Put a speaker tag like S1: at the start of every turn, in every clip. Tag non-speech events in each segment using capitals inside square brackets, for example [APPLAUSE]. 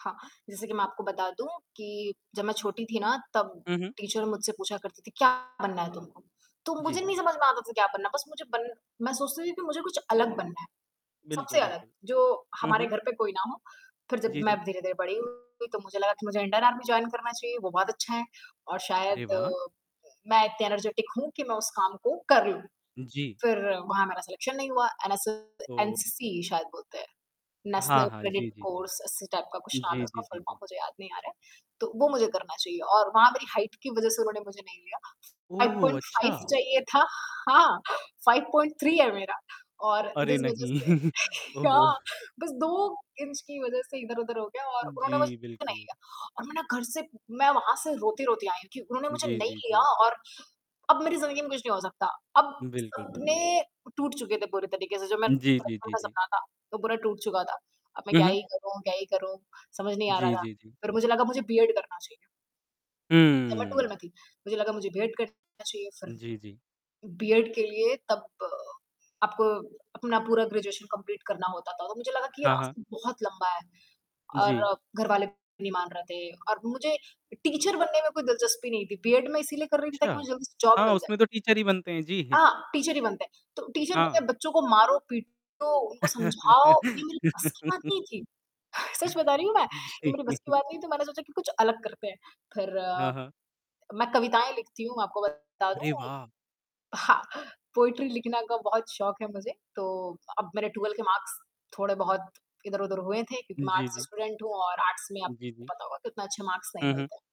S1: हाँ, जैसे कि मैं आपको बता दूँ कि, जब मैं छोटी थी ना तब
S2: हुँ, हुँ।
S1: टीचर मुझसे पूछा करती थी, "क्या बनना है तुमको?" तो मुझे
S2: जी।
S1: नहीं समझ में आता था क्या बनना है, बस मुझे बन मैं सोचती थी कि मुझे कुछ अलग बनना है, सबसे
S2: बिल्कुल,
S1: अलग,
S2: बिल्कुल।
S1: जो
S2: हुँ,
S1: हमारे
S2: हुँ।
S1: घर पे कोई ना हो। फिर जब
S2: जी,
S1: मैं
S2: जी।
S1: धीरे-धीरे बड़ी हुई तो मुझे लगा कि मुझे इंडियन आर्मी जॉइन करना चाहिए, वो बहुत अच्छा है, और
S2: अरे
S1: शायद
S2: वाह!
S1: मैं इतनी एनर्जेटिक हूँ कि मैं उस काम को कर लूँ।
S2: उ, जी।
S1: फिर वहाँ मेरा सलेक्शन नहीं हुआ एनएस
S2: तो
S1: एनसीसी शायद बोलते हैं।
S2: हाँ,
S1: नेशनल
S2: हाँ।
S1: क्रेडिट
S2: जी, जी, जी।
S1: कोर्स ऐसे टाइप का कुछ नाम है
S2: जी,
S1: उसका,
S2: जी,
S1: फुल फ़ॉर्म
S2: जी।
S1: में मुझे याद नहीं आ रहे हैं, तो वो मुझे करना चाहिए और वहाँ मेरी हाइट की वजह से उन्होंने मुझे नहीं लिया।
S2: ओह
S1: फ़ाइव
S2: हो!
S1: पॉइंट फ़ाइव
S2: अच्छा।
S1: चाहिए था हाँ 5.3 है मेरा, और
S2: अरे
S1: जिस वज़ह
S2: नहीं!
S1: से
S2: [CHUCKLES]
S1: [CHUCKLES]
S2: ओह
S1: क्या
S2: हो!
S1: बस 2 इंच की वज़ह से इधर-उधर हो गया और उन्होंने मुझे
S2: जी,
S1: नहीं
S2: बिल्कुल।
S1: लिया। और मैं ना घर से मैं वहाँ से रोते-रोते आई हूँ, क्यों? उन्होंने मुझे
S2: जी,
S1: नहीं
S2: जी,
S1: लिया
S2: जी।
S1: और अब मेरी ज़िंदगी में कुछ नहीं हो सकता। अब
S2: बिल्कुल,
S1: सपने
S2: बिल्कुल।
S1: टूट चुके थे पूरी तरीके से जो मेरा
S2: जी, जी,
S1: बचपन
S2: जी,
S1: था
S2: जी।
S1: सपना था वो पूरा टूट चुका था। अब मैं
S2: हुँ,
S1: क्या
S2: हुँ।
S1: ही करूँ क्या ही करूँ, समझ नहीं आ रहा
S2: जी,
S1: था।
S2: जी, जी।
S1: फिर मुझे लगा मुझे बी.एड करना चाहिए। जब मैं 12
S2: हम्म।
S1: में थी। मुझे लगा मुझे बी.एड करना चाहिए फिर।
S2: जी, जी।
S1: बी.एड के लिए तब आपको अपना पूरा ग्रेजुएशन कंप्लीट करना होता था, तो मुझे लगा कि ये
S2: हाँ, हाँ।
S1: रास्ता बहुत लंबा है
S2: जी।
S1: और घर वाले भी नहीं मान रहे थे और मुझे टीचर बनने में कोई दिलचस्पी नहीं थी। बी.एड मैं इसीलिए कर रही थी ताकि
S2: अच्छा।
S1: मुझे जल्दी से जॉब
S2: हाँ,
S1: मिल जाए।
S2: उसमें तो टीचर ही बनते हैं जी।
S1: हाँ, टीचर ही बनते हैं। तो टीचर
S2: हाँ।
S1: बनें, बच्चों को मारो पीटो उनको समझाओ ये मेरे बस की बात
S2: [CHUCKLES]
S1: नहीं थी, सच बता रही हूँ मैं, ये
S2: जी।
S1: मेरे बस की
S2: [CHUCKLES]
S1: बात नहीं तो मैंने सोचा कि कुछ अलग करते हैं। फिर,
S2: हाँ, हाँ।
S1: मैं कविताएँ लिखती हूँ आपको बता
S2: अरे
S1: दूँ।
S2: वाह!
S1: हाँ, पोएट्री लिखना का बहुत शौक़ है मुझे, तो अब मेरे 12 के मार्क्स थोड़े-बहुत इधर-उधर हुए थे क्योंकि मैं
S2: जी,
S1: आर्ट्स
S2: जी।
S1: स्टूडेंट हूँ और आर्ट्स में
S2: जी,
S1: आपको
S2: जी।
S1: पता होगा कि उतना अच्छे मार्क्स नहीं
S2: हुँ,
S1: मिलते।
S2: हुँ।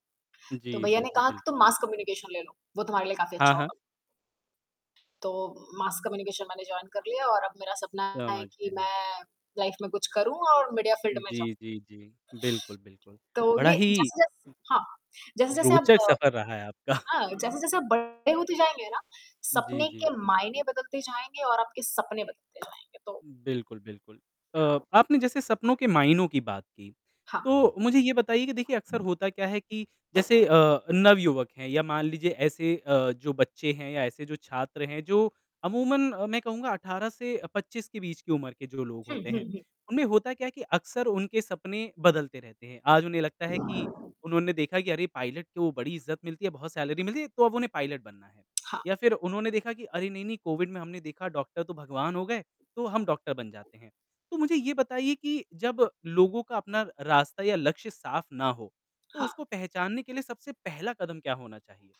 S1: तो
S2: जी,
S1: भैया
S2: जी,
S1: ने
S2: जी,
S1: कहा कि, तुम
S2: बिल्कुल।
S1: मास कम्युनिकेशन ले लो, वो तुम्हारे लिए काफ़ी
S2: हाँ,
S1: अच्छा
S2: हाँ।
S1: होगा। तो मास कम्युनिकेशन मैंने जॉइन कर लिया और अब मेरा सपना है
S2: समझ
S1: कि
S2: गया।
S1: मैं लाइफ में कुछ करूँ और मीडिया फ़ील्ड में जाऊँ।
S2: जी, जी, जी। बिल्कुल, बिल्कुल।
S1: तो
S2: बड़ा
S1: ये
S2: ही
S1: जैसे-जैस हाँ, जैसे-जैसे आप
S2: रोचक सफ़र रहा है
S1: अ,
S2: आपका।
S1: हाँ, जैसे-जैसे आप बड़े होते जाएँगे ना,
S2: जी,
S1: सपने के
S2: जी।
S1: मायने बदलते जाएँगे और आपके सपने बदलते जाएँगे, तो
S2: बिल्कुल, बिल्कुल। अ, आपने जैसे सपनों के मायनों की बात की,
S1: हाँ।
S2: तो मुझे ये बताइए कि देखिए अक्सर होता क्या है कि जैसे अ, नवयुवक हैं या मान लीजिए ऐसे अ, जो बच्चे हैं या ऐसे जो छात्र हैं, जो अमूमन अ, मैं कहूँगा 18 से अ, 25 के बीच की उम्र के जो लोग
S1: हुँ,
S2: होते
S1: हुँ,
S2: हैं,
S1: हुँ।
S2: उनमें होता क्या है कि अक्सर उनके सपने बदलते रहते हैं। आज उन्हें लगता है कि उन्होंने देखा कि अरे! पायलट को बड़ी इज़्ज़त मिलती है, बहुत सैलरी मिलती है, तो अब उन्हें पायलट बनना है।
S1: हाँ।
S2: या फिर उन्होंने देखा कि अरे! नहीं, नहीं कोविड में हमने देखा डॉक्टर तो भगवान हो गए, तो हम डॉक्टर बन जाते हैं। तो मुझे ये बताइए कि जब लोगों का अपना र रास्ता या लक्ष्य साफ़ ना हो, तो
S1: हाँ।
S2: उसको पहचानने के लिए सबसे पहला कदम क्या होना चाहिए?